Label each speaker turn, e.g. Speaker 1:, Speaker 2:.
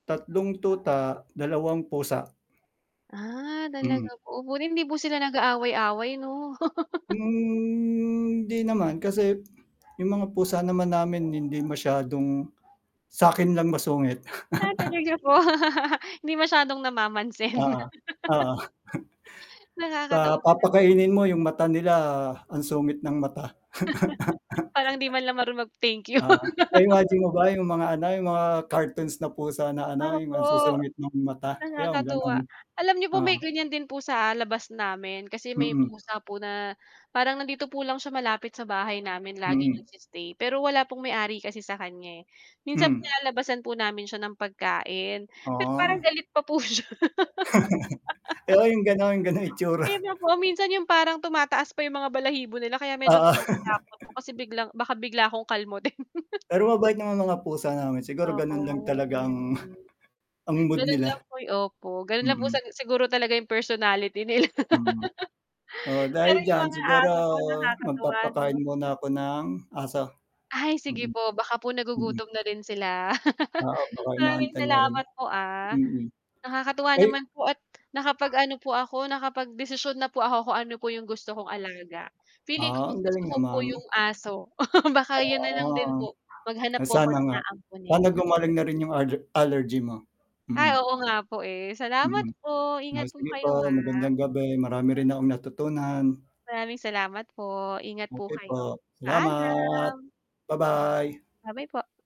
Speaker 1: Tatlong tuta, dalawang pusa.
Speaker 2: Ah, talaga
Speaker 1: Hmm.
Speaker 2: po, buti hindi po sila nag-aaway-away, 'no?
Speaker 1: Hmm, 'di naman. Kasi 'yung mga pusa naman namin hindi masyadong sa'kin lang masungit.
Speaker 2: Ah, talaga po, hindi masyadong namamansin.
Speaker 1: Oo, oo.
Speaker 2: Nakakatawa
Speaker 1: Pa
Speaker 2: nga naman.
Speaker 1: pakainin mo 'yung mata nila ang sungit ng mata.
Speaker 2: Parang 'di man lang maru mag thank you.
Speaker 1: Oo, na-imagine mo ba 'yung mga ano 'yung mga cartoons na pusa na ano 'yung ang
Speaker 2: Opo,
Speaker 1: susungit nong mata, 'yon gano'n.
Speaker 2: nakakatuwa. Alam n'yo po may
Speaker 1: Oo.
Speaker 2: ganyan din po sa labas namin. Kasi may
Speaker 1: Mm.
Speaker 2: pusa po na parang nandito po lang siya malapit sa bahay namin laging
Speaker 1: Mm.
Speaker 2: nag-stay. Pero wala pong may-ari kasi sa kanya, eh. Minsan
Speaker 1: Hmm.
Speaker 2: nilalabasan po namin siya ng pagkain, pero parang
Speaker 1: Oo.
Speaker 2: galit pa po siya.
Speaker 1: Oo, 'yung ganun, ganung itsura.
Speaker 2: Pino po minsan yung parang tumataas pa yung mga balahibo nila kaya medyo
Speaker 1: Oo.
Speaker 2: nakakatakot po kasi biglang baka bigla akong kalmutin.
Speaker 1: Pero mabait naman mga pusa namin, siguro
Speaker 2: Opo,
Speaker 1: ganun lang
Speaker 2: mabait naman
Speaker 1: talagang,
Speaker 2: din.
Speaker 1: ang mood
Speaker 2: Gano'n
Speaker 1: nila.
Speaker 2: lang poy opo, gano'n lang po
Speaker 1: Mm.
Speaker 2: sag siguro talaga yung personality nila.
Speaker 1: Mm. Oo, dahil
Speaker 2: Pero yung
Speaker 1: diyan
Speaker 2: mga
Speaker 1: siguro
Speaker 2: aso ko nakakatuwa,
Speaker 1: magpapakain
Speaker 2: 'no?
Speaker 1: muna ako ng, aso.
Speaker 2: Ay sige
Speaker 1: Mm.
Speaker 2: po, baka po
Speaker 1: Mm.
Speaker 2: nagugutom na rin sila.
Speaker 1: Oo, baka
Speaker 2: Maraming
Speaker 1: inaantay na rin.
Speaker 2: salamat po, ah.
Speaker 1: Mm,
Speaker 2: Nakakatuwa
Speaker 1: ay
Speaker 2: naman po at nakapag-ano po ako nakapagdesisyon na po ako kung ano po yung gusto kong alaga. Feeling ko
Speaker 1: Ah, ang
Speaker 2: mas gusto
Speaker 1: galing
Speaker 2: ko po
Speaker 1: naman.
Speaker 2: 'yong aso, baka yun na
Speaker 1: Oo,
Speaker 2: lang
Speaker 1: oh,
Speaker 2: din po. Maghanap po ako
Speaker 1: sana
Speaker 2: ng
Speaker 1: nga.
Speaker 2: aamponin.
Speaker 1: Sana gumaling na rin 'yung aller allergy mo,
Speaker 2: Ay,
Speaker 1: mm.
Speaker 2: oo nga po, eh. Salamat
Speaker 1: Mm.
Speaker 2: po ingat
Speaker 1: Nice to
Speaker 2: po
Speaker 1: meet po,
Speaker 2: kayo, ah.
Speaker 1: magandang gabi marami rin akong natutunan.
Speaker 2: Maraming salamat po. Ingat po
Speaker 1: Okey
Speaker 2: kayo,
Speaker 1: po, salamat!
Speaker 2: paalam.
Speaker 1: Ba-bye!
Speaker 2: Bye-bye po.